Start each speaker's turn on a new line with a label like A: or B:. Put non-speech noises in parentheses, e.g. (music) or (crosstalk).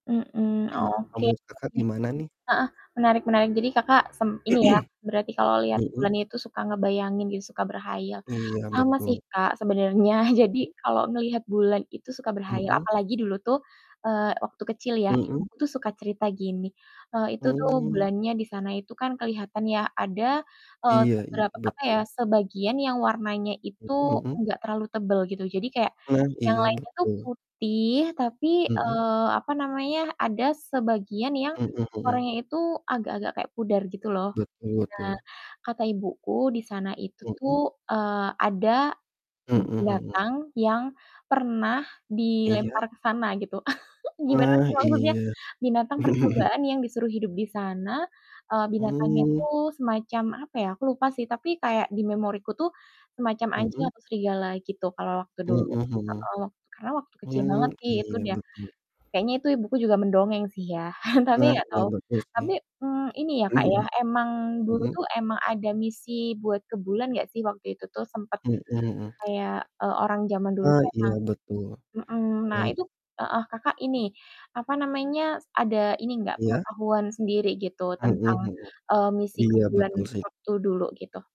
A: Mhm,
B: Oke, kalo
A: oke.
B: menurut Kakak gimana nih?
A: Heeh, menarik-menarik. Jadi Kakak sem ini ya, berarti
B: (clears throat)
A: kalau lihat
B: Mhm.
A: bulan itu suka ngebayangin gitu, suka berkhayal.
B: Iya,
A: Sama sih
B: betul.
A: Kak sebenarnya, (chuckles) jadi
B: Mhm.
A: kalau ngelihat bulan itu suka berkhayal.
B: Mhm.
A: Apalagi dulu tuh, eee waktu kecil ya,
B: Mhm.
A: ibuku tuh suka cerita gini, eee, itu tuh
B: Hmm.
A: bulannya di sana itu kan kelihatan ya, ada, eee
B: Iya iya,
A: beberap apa ya,
B: betul.
A: sebagian yang warnanya itu
B: Mhm mhm.
A: enggak terlalu tebel gitu. Jadi kayak
B: Nah.
A: yang
B: Iya
A: lainnya tuh
B: betul.
A: putih tapi,
B: Mhm.
A: eee apa namanya, ada sebagian yang
B: Mhm mhm.
A: warnanya itu agak-agak kayak pudar gitu loh.
B: Betul
A: Nah,
B: betul.
A: kata ibuku di sana itu tuh,
B: Mhm.
A: eee, ada, mmm,
B: Mhm mhm.
A: binatang yang pernah
B: Iya.
A: dilempar ke sana gitu. (chuckles) Gimana
B: Nah,
A: sih maksudnya?
B: iya.
A: Binatang
B: (chuckles)
A: percobaan yang disuruh hidup di sana. Eee, binatangnya
B: Hmm.
A: itu semacam apa ya? Aku lupa sih, tapi kayak di memoriku tuh, semacam anjing
B: Mhm.
A: atau serigala gitu, kalau waktu dulu.
B: Mhm mhm.
A: Heeh, karena waktu kecil
B: Hmm,
A: banget sih, itu
B: iya
A: dia.
B: betul.
A: Kayaknya itu ibuku juga mendongeng sih ya, (chuckles) tapi
B: Nah,
A: enggak
B: iya
A: tau.
B: betul sih.
A: Tapi, mmm, ini ya Kak ya,
B: (chuckles)
A: emang dulu
B: Mhm.
A: tuh emang ada misi buat ke bulan enggak sih waktu itu tuh, sempet
B: Mhm mhm.
A: kayak, e orang zaman dulu
B: Oh,
A: tuh emang
B: iya betul.
A: Mhm. Nah
B: Eee, i
A: itu heeh, Kakak ini, apa namanya, s ada ini enggak,
B: Iya.
A: pengetahuan sendiri gitu,
B: Mhm
A: tentang,
B: mhm.
A: eee, misi ke
B: Iya
A: bulan
B: betul sih.
A: waktu dulu gitu.